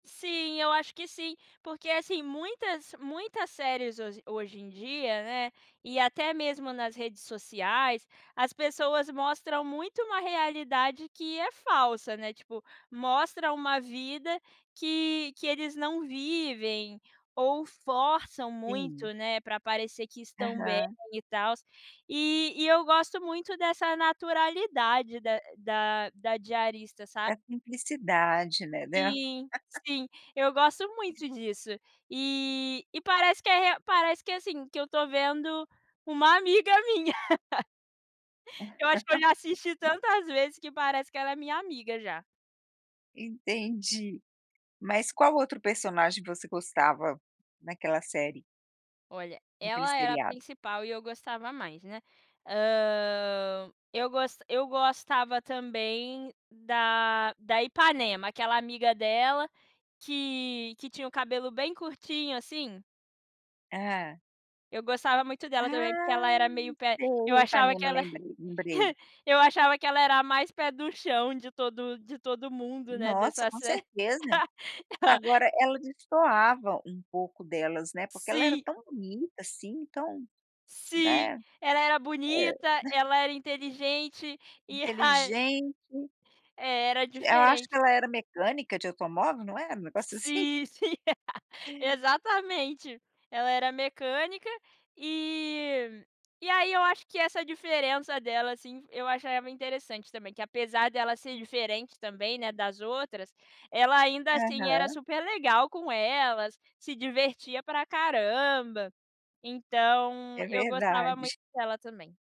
Sim, eu acho que sim. Porque, assim, muitas muitas séries ho hoje em dia, né, e até mesmo nas redes sociais, as pessoas mostram muito uma realidade que é falsa, né. Tipo, mostra uma vida que que eles não vivem ou forçam Sim. muito, né, pra parecer que estão bem Aham. e tals. E e eu gosto muito dessa naturalidade da da da diarista, sa Da simplicidade, né, de Sim, sim, eu gosto muito disso. E e parece que é rea parece que, assim, que eu tô vendo uma amiga minha. Eu acho que eu já assisti tantas vezes que parece que ela é minha amiga já. Entendi. Mas qual outro personagem você gostava naquela série? Olha, Naquele ela era a seriado? principal e eu gostava mais, né. Hã, eu gos eu gostava também da da Ipanema, aquela amiga dela que que tinha o cabelo bem curtinho, assim. Hã. Eu gostava muito dela também, porque ela Ah, era meio pé eu sei, achava reparei, que me ela lembrei lembrei. eu achava que ela era a mais pé no chão de todo de todo mundo, né, Nossa, dessa com serie. certeza. Agora ela destoava um pouco delas, né, porque ela era Sim. tão bonita, assim, tão, Sim, né ela era bonita, [unintelligible] ela era inteligente e ra inteligente. é, era Acho diferente. que ela era mecânica de automóvel, não era? Um negócio assim. Sim, sim, exatamente. Ela era mecânica e e aí eu acho que essa diferença dela, assim, eu achava interessante também, que apesar dela ser diferente também, né, das outras, ela ainda assim era Aham. super legal com elas, se divertia pra caramba. Então, É eu gostava muito verdade. dela também.